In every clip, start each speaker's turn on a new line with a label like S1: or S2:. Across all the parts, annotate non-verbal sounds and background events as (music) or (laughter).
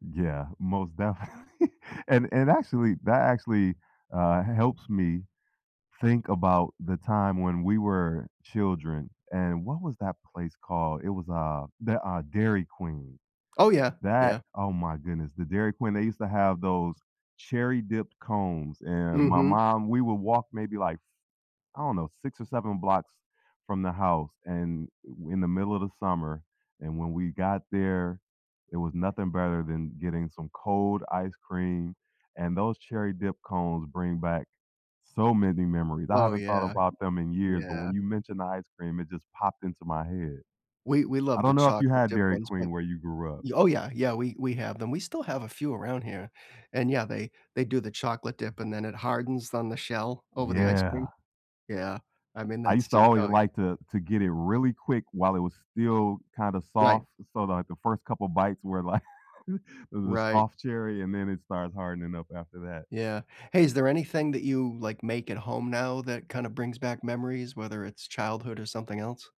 S1: Yeah, most definitely, and and actually that actually, uh, h helps me, think about the time when we were children, and, what was that place called? It was, uh, the uh, Dairy Queen.
S2: Oh, yeah,
S1: That,
S2: yeah.
S1: oh my goodness, the Dairy Queen, they used to have those cherry-dipped cones, and my
S2: Mhm.
S1: mom we would walk maybe, like, I don't know, 6 or 7 blocks from the house, and i in the middle of the summer. And when we got there, it was nothing better than getting some cold ice cream. And those cherry-dip cones bring back so many memories, I
S2: Oh,
S1: haven't thought
S2: yeah.
S1: about them in years, but when
S2: Yeah.
S1: you mentioned the ice cream, it just popped into my head.
S2: We we
S1: I
S2: loved the
S1: don't know if you
S2: chocolate
S1: had
S2: chip
S1: Dairy
S2: ones, but
S1: Queen where you grew up.
S2: oh, yeah, yeah, we we have them, we still have a few around here, and yeah, they they do the chocolate dip, and then it hardens on the shell over the ice cream.
S1: Yeah.
S2: Yeah, I mean,
S1: I
S2: that's
S1: used to
S2: just
S1: always
S2: oh y
S1: like to to get it really quick while it was still kinda
S2: Right.
S1: soft, so like the first couple bites were like th the
S2: Right.
S1: soft cherry, and then it starts hardening up after that.
S2: Yeah. Hey, is there anything that you, like, make at home now that kinda brings back memories, whether it's childhood or something else?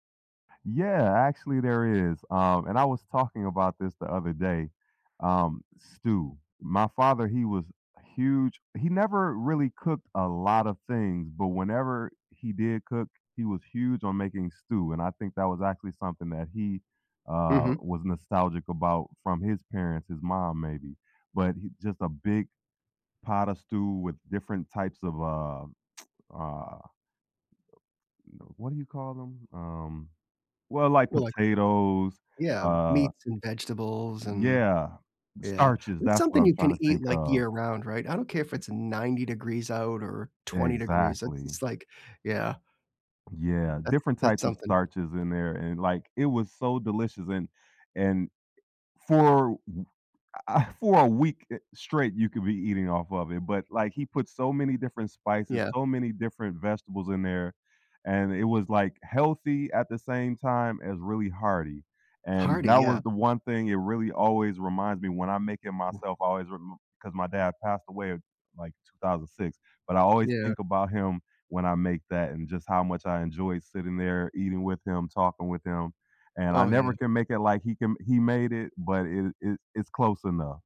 S1: Yeah, actually, there is, um, and I was talking about this the other day, um, stew. My father, he was huge he never really cooked a lot of things, but whenever he did cook, he was huge on making stew, and I think that was actually something that he, uh,
S2: Mhm.
S1: was nostalgic about from his parents, his mom maybe, but he just a big pot of stew with different types of, uh, (smacks lips) uh, y you know, what do you call them, um well, like
S2: Well, like
S1: potatoes,
S2: Yeah,
S1: uh
S2: meats and vegetables, and
S1: yeah,
S2: Yeah,
S1: starches,
S2: it's
S1: that's what
S2: something
S1: I'm
S2: you
S1: trying
S2: can
S1: to
S2: eat,
S1: think
S2: like,
S1: of.
S2: year round, right? I don't care if it's 90 degrees out or 20 degrees, it's
S1: Exactly.
S2: just like, yeah.
S1: Yeah,
S2: That's
S1: different
S2: that's
S1: types of
S2: something.
S1: starches in there, and like, it was so delicious, and, and e for w I I for a week, eh, straight, you could be eating off of it, but like, he put so many different spices,
S2: Yeah.
S1: so many different vegetables in there, and it was, like, healthy at the same time as really hearty. And
S2: Hardy,
S1: that
S2: yeah.
S1: was the one thing it really always reminds me when I make it
S2: Wou
S1: myself, I always rem 'cause my dad passed away, like, 2006, but I always
S2: Yeah.
S1: think about him when I make that and just how much I enjoyed sitting there, eating with him, talking with him. And I
S2: Oh,
S1: never
S2: yeah.
S1: can make it like he can he made it, but it it it's close enough.